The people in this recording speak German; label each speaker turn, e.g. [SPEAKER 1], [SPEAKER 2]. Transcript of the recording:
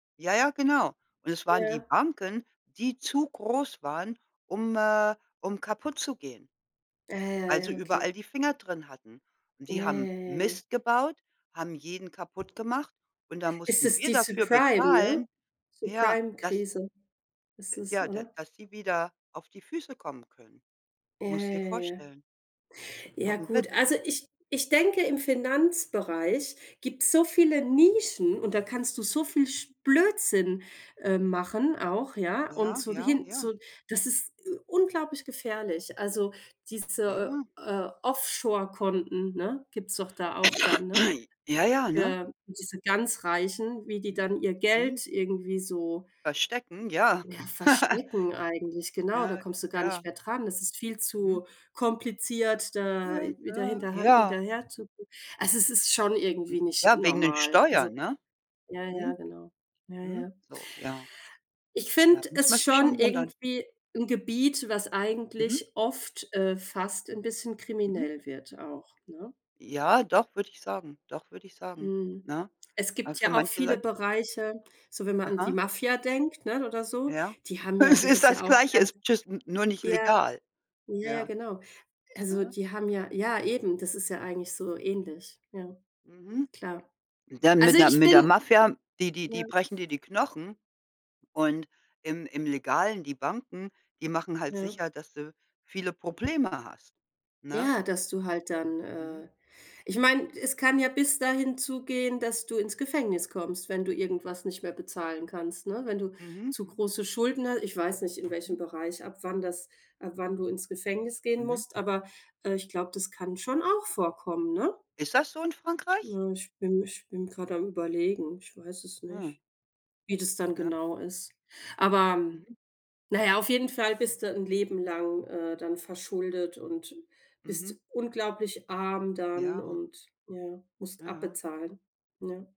[SPEAKER 1] Ja, ja, genau. Und es waren die
[SPEAKER 2] Ja.
[SPEAKER 1] Banken, die zu groß waren, um äh, um kaputtzugehen
[SPEAKER 2] Ah, ja,
[SPEAKER 1] weil sie
[SPEAKER 2] ja,
[SPEAKER 1] überall
[SPEAKER 2] okay.
[SPEAKER 1] die Finger drin hatten. Und
[SPEAKER 2] Ja,
[SPEAKER 1] die haben
[SPEAKER 2] ja, ja, ja.
[SPEAKER 1] Mist gebaut, haben jeden kaputtgemacht. Und dann
[SPEAKER 2] Ist
[SPEAKER 1] mussten
[SPEAKER 2] es
[SPEAKER 1] wir
[SPEAKER 2] die
[SPEAKER 1] dafür
[SPEAKER 2] Subprime, ne?
[SPEAKER 1] bezahlen ja, dass
[SPEAKER 2] Subprime-Krise ist
[SPEAKER 1] äh,
[SPEAKER 2] es,
[SPEAKER 1] ja, da
[SPEAKER 2] oder?
[SPEAKER 1] dass sie wieder auf die Füße kommen können.
[SPEAKER 2] Ja,
[SPEAKER 1] Musste
[SPEAKER 2] ja,
[SPEAKER 1] dir
[SPEAKER 2] ja, ja.
[SPEAKER 1] vorstellen. Ist doch
[SPEAKER 2] Ja,
[SPEAKER 1] 'n
[SPEAKER 2] gut.
[SPEAKER 1] Witz.
[SPEAKER 2] Also ich ich denke, im Finanzbereich gibt's so viele Nischen und da kannst du so viel sch Blödsinn, äh, machen auch, ja? Und
[SPEAKER 1] Ja,
[SPEAKER 2] so
[SPEAKER 1] ja,
[SPEAKER 2] hin
[SPEAKER 1] ja.
[SPEAKER 2] zu das ist, äh, unglaublich gefährlich. Also diese,
[SPEAKER 1] Ja.
[SPEAKER 2] äh, Offshore Konten, ne? Gibt's doch da auch da, ne?
[SPEAKER 1] Ja, ja, ne?
[SPEAKER 2] Für diese ganz Reichen, wie die
[SPEAKER 1] Mhm,
[SPEAKER 2] dann ihr
[SPEAKER 1] mhm.
[SPEAKER 2] Geld irgendwie so
[SPEAKER 1] Verstecken? Ja.
[SPEAKER 2] ja, verstecken eigentlich, genau. Da
[SPEAKER 1] Ja,
[SPEAKER 2] kommst du gar
[SPEAKER 1] ja.
[SPEAKER 2] nicht mehr dran. Das ist viel
[SPEAKER 1] Mhm.
[SPEAKER 2] zu kompliziert,
[SPEAKER 1] Ja,
[SPEAKER 2] da
[SPEAKER 1] äh,
[SPEAKER 2] wieder
[SPEAKER 1] ja, ja,
[SPEAKER 2] hinterhan
[SPEAKER 1] ja.
[SPEAKER 2] hinterher zu gucken. Also es ist schon
[SPEAKER 1] Hm,
[SPEAKER 2] irgendwie nicht
[SPEAKER 1] ja wegen den
[SPEAKER 2] normal, so
[SPEAKER 1] Steuern, ne?
[SPEAKER 2] ja, ja,
[SPEAKER 1] Mhm.
[SPEAKER 2] genau. Ja,
[SPEAKER 1] Mhm,
[SPEAKER 2] ja.
[SPEAKER 1] so, ja.
[SPEAKER 2] Ich
[SPEAKER 1] Da
[SPEAKER 2] finde
[SPEAKER 1] muss man
[SPEAKER 2] es
[SPEAKER 1] sich
[SPEAKER 2] schon
[SPEAKER 1] schon wundern.
[SPEAKER 2] irgendwie 'n Gebiet, was
[SPEAKER 1] Mhm.
[SPEAKER 2] eigentlich oft äh, fast 'n bisschen
[SPEAKER 1] Mhm.
[SPEAKER 2] kriminell wird auch, ne?
[SPEAKER 1] Ja, doch, würde ich sagen doch, würde ich sagen,
[SPEAKER 2] Mhm.
[SPEAKER 1] ne?
[SPEAKER 2] Es
[SPEAKER 1] Äh,
[SPEAKER 2] gibt
[SPEAKER 1] für
[SPEAKER 2] ja auch
[SPEAKER 1] manche
[SPEAKER 2] viele
[SPEAKER 1] Leute
[SPEAKER 2] Bereiche, so wenn man an die
[SPEAKER 1] Aha.
[SPEAKER 2] Mafia denkt, ne? Oder so.
[SPEAKER 1] Ja.
[SPEAKER 2] Die haben ja
[SPEAKER 1] Es
[SPEAKER 2] da
[SPEAKER 1] ist
[SPEAKER 2] ist
[SPEAKER 1] das
[SPEAKER 2] ja auch
[SPEAKER 1] Gleiche,
[SPEAKER 2] ganz
[SPEAKER 1] ist just n nur nicht
[SPEAKER 2] ja,
[SPEAKER 1] legal.
[SPEAKER 2] ja, ja,
[SPEAKER 1] Ja.
[SPEAKER 2] genau. Also
[SPEAKER 1] Aha.
[SPEAKER 2] die haben ja ja, eben, das ist ja eigentlich so ähnlich. Ja.
[SPEAKER 1] Mhm.
[SPEAKER 2] Klar.
[SPEAKER 1] Dann
[SPEAKER 2] Also
[SPEAKER 1] mit der
[SPEAKER 2] ich
[SPEAKER 1] mit der
[SPEAKER 2] bin
[SPEAKER 1] Mafia, die die
[SPEAKER 2] ja.
[SPEAKER 1] die brechen dir die Knochen und im im Legalen, die Banken, die machen halt
[SPEAKER 2] Ja.
[SPEAKER 1] sicher, dass du viele Probleme hast, ne?
[SPEAKER 2] Ja, dass du halt dann
[SPEAKER 1] Mhm.
[SPEAKER 2] äh, ich meine, es kann ja bis dahin zugehen, dass du ins Gefängnis kommst, wenn du irgendwas nicht mehr bezahlen kannst, ne? Wenn du
[SPEAKER 1] Mhm,
[SPEAKER 2] zu
[SPEAKER 1] mhm.
[SPEAKER 2] große Schulden hast ich weiß nicht, in welchem
[SPEAKER 1] Mhm.
[SPEAKER 2] Bereich, ab wann das ab wann du ins Gefängnis gehen
[SPEAKER 1] Mhm.
[SPEAKER 2] musst, aber, äh, ich glaube, das kann schon auch vorkommen, ne?
[SPEAKER 1] Ist das so in Frankreich?
[SPEAKER 2] Ja, ich bin ich bin grad am überlegen, ich weiß es
[SPEAKER 1] Ah.
[SPEAKER 2] nicht, wie das dann
[SPEAKER 1] Ja.
[SPEAKER 2] genau ist. Aber
[SPEAKER 1] Mhm.
[SPEAKER 2] na ja, auf jeden Fall bist du 'n Leben lang, äh, dann verschuldet und
[SPEAKER 1] Mhm.
[SPEAKER 2] bist unglaublich arm dann
[SPEAKER 1] Ja.
[SPEAKER 2] und ja, musst
[SPEAKER 1] Ja, ja.
[SPEAKER 2] abbezahlen, ne?